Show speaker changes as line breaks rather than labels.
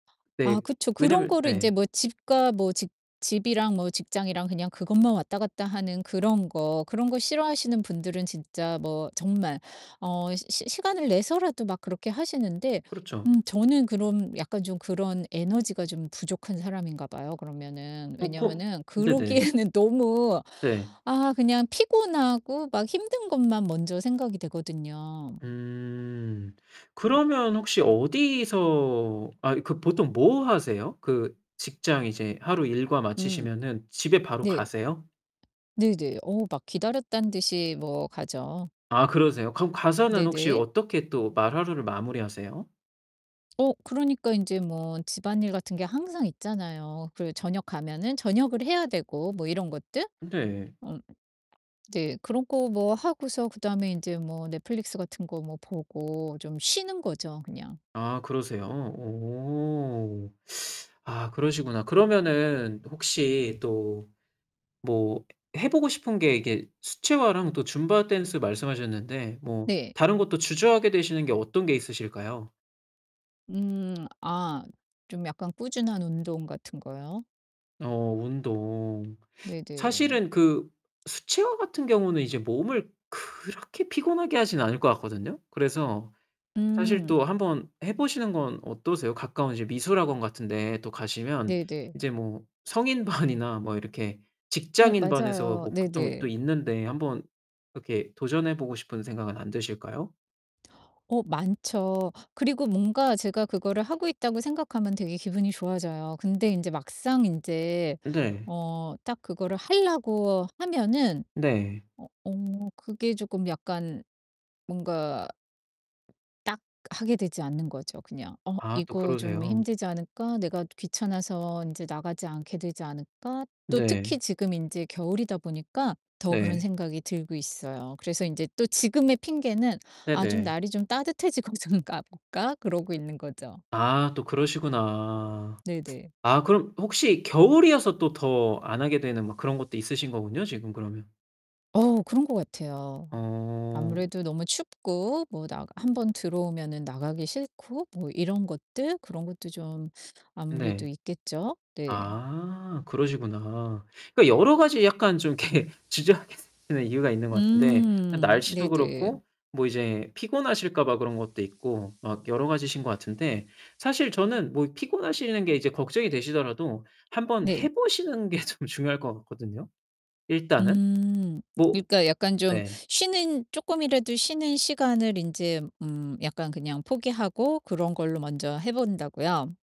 아
네.
그쵸. 그런
왜냐면
거를 인제
네.
뭐 집과 뭐 직 집이랑 뭐 직장이랑 그냥 그것만 왔다 갔다 하는 그런 거. 그런 거 싫어하시는 분들은 진짜 뭐 정말 어 시 시 시간을 내서라도 막 그렇게 하시는데
그렇죠.
음 저는 그런 약간 좀 그런 에너지가 좀 부족한 사람인가 봐요 그러면은.
어 그
왜냐면은
네네.
그러기에는 너무
네.
아 그냥 피곤하고 막 힘든 것만 먼저 생각이 되거든요.
음. 그러면 혹시 어디서 아 그 보통 뭐 하세요? 그 직장 이제 하루 일과
음.
마치시면은 집에 바로
네.
가세요?
네네. 어 막 기다렸다는 듯이 뭐 가죠.
아 그러세요? 그럼 가서는 혹시
네네.
어떻게 또 말 하루를 마무리하세요?
어, 그러니까 인제 뭐 집안일 같은 게 항상 있잖아요. 그 저녁 가면은 저녁을 해야 되고 뭐 이런 것들.
네.
어 네 그런 거 뭐 하고서 그다음에 인제 뭐 넷플릭스 같은 거 뭐 보고 좀 쉬는 거죠, 그냥.
아, 그러세요? 어. 아 그러시구나. 그러면은 혹시 또 뭐 해 보고 싶은 게 이게 수채화랑 또 줌바댄스 말씀하셨는데 뭐
네.
다른 것도 주저하게 되시는 게 어떤 게 있으실까요?
음. 아 좀 약간 꾸준한 운동 같은 거요?
어 운동.
네네.
사실은 그 수채화 같은 경우는 이제 몸을 그렇게 피곤하게 하진 않을 것 같거든요. 그래서 사실
음.
또 한번 해 보시는 건 어떠세요? 가까운 이제 미술학원 같은 데 또 가시면
네네.
이제 뭐 성인반이나 뭐 이렇게
어
직장인 반에서
맞아요.
뭐 보통 또
네네.
있는데 한번 이렇게 도전해 보고 싶은 생각은 안 드실까요?
어 많죠. 그리고 뭔가 제가 그거를 하고 있다고 생각하면 되게 기분이 좋아져요. 근데 인제 막상 인제
네.
어 딱 그거를 하려고 하면은
네.
어 어 그게 조금 약간 뭔가 딱 하게 되지 않는 거죠, 그냥. '어
아 또
이거 좀
그러세요.
힘들지 않을까? 내가 귀찮아서 인제 나가지 않게 되지 않을까?' 또 특히
네.
지금 인제 겨울이다 보니까 더 그런
네.
생각이 들고 있어요. 그래서 인제 또 지금의 핑계는 '아 좀
네네.
날이 좀 따뜻해지고 좀 가 볼까?' 그러고 있는 거죠.
아 또 그러시구나.
네 네.
아 그럼 혹시 겨울이어서 또 더 안 하게 되는 뭐 그런 것도 있으신 거군요, 지금 그러면.
어 그런 것 같아요.
어.
아무래도 너무 춥고 뭐 나가 1 번 들어 오면은 나가기 싫고 뭐 이런 것들 그런 것도 좀 아무래도
네.
있겠죠? 네.
아, 그러시구나. 그러니까 여러 가지 약간 좀 이렇게 주저하게 되는 이유가 있는 것 같은데
음
날씨도
네네.
그렇고 뭐 이제 피곤하실까 봐 그런 것도 있고 막 여러 가지신 것 같은데 사실 저는 뭐 피곤하시는 게 이제 걱정이 되시더라도 한번
네.
해 보시는 게 좀 중요할 것 같거든요, 일단은.
음.
뭐
그니까 약간 좀
네.
쉬는 쪼끔이라도 쉬는 시간을 인제 음 약간 그냥 포기하고 그런 걸로 먼저 해 본다고요?